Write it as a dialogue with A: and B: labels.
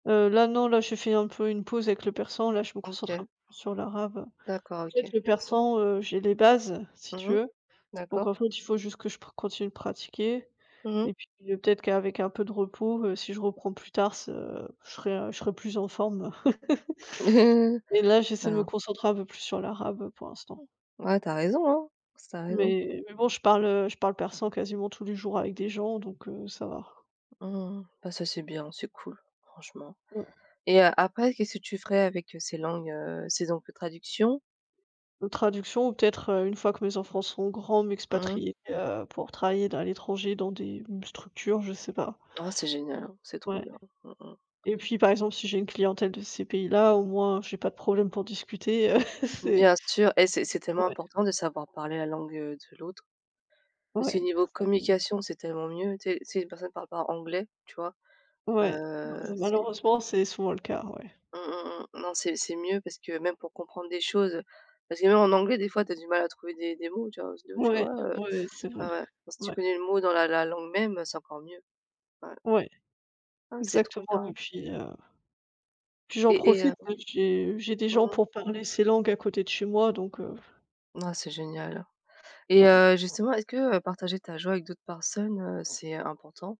A: Heu, là non, là j'ai fait un peu une pause avec le persan, là je me concentre
B: OK.
A: un peu sur l'arabe. En
B: D'accord,
A: fait
B: OK.
A: le persan, heu, j'ai les bases, si
B: Mmh
A: tu
B: mh.
A: veux. Donc
B: D'accord.
A: en fait, il faut juste que je pra continue de pratiquer.
B: Mmh mh.
A: Et puis peut-être qu'avec un peu de repos, heu, si je reprends plus tard ce je serai je serai plus en forme. Et là j'essaie de me
B: Ben
A: concentrer un peu plus sur l'arabe, pour l'instant.
B: Ouais, tu as raison, hein. Tu as raison.
A: Mais, mais bon, je parle, heu, je parle persan quasiment tous les jours avec des gens donc, heu, ça va.
B: Mmh, mmh, mmh. Bah ça, c'est bien, c'est cool, franchement.
A: Mmh.
B: Et heu, après qu'est-ce que tu ferais avec, heu, ces langues, heu, ces [unintelligible] traduction?
A: De traduction ou peut-être, heu, une fois que mes enfants seront grands,
B: Mmh.
A: m'expatrier, heu, pour travailler là, à l'étranger dans des structures, je sais pas.
B: Oh c'est génial hein, c'est trop
A: Ouais.
B: bien. Mmh mh.
A: Et puis par exemple si j'ai une clientèle de ces pays-là, au moins j'ai pas de problème pour discuter, c'est
B: Bien sûr, et c'est c'est tellement
A: Ouais.
B: important de savoir parler la langue, heu, de l'autre. Parce que
A: Ouais.
B: niveau
A: C'est ça, oui.
B: communication, c'est tellement mieux. Tu sais tu sais si une personne parle pas anglais, tu vois,
A: Ouais bah
B: heu,
A: m
B: c'est
A: malheureusement, c'est souvent le cas, ouais.
B: Mmh, mmh, mmh. Non c'est c'est mieux parce que même pour comprendre des choses, heu, parce que même en anglais des fois tu as du mal à trouver des des mots, tu vois? [unintelligible] tu
A: Ouais,
B: vois, heu,
A: ouais, heu, c'est vrai.
B: ouais, ouais. Si tu
A: Ouais.
B: connais le mot dans la la langue-même, c'est encore mieux. Ouais.
A: Ouais.
B: Ah, c'est trop
A: Exactement, et
B: bien!
A: puis, heu, puis j'en
B: Et et heu
A: profite, j'ai, heu, j'ai des gens
B: Mmh mh.
A: pour parler ces langues à côté de chez moi donc, heu.
B: Mmh ouah c'est génial. Et
A: Ouais.
B: heu, justement est-ce que, heu, partager ta joie avec d'autres personnes, heu, c'est, heu, important?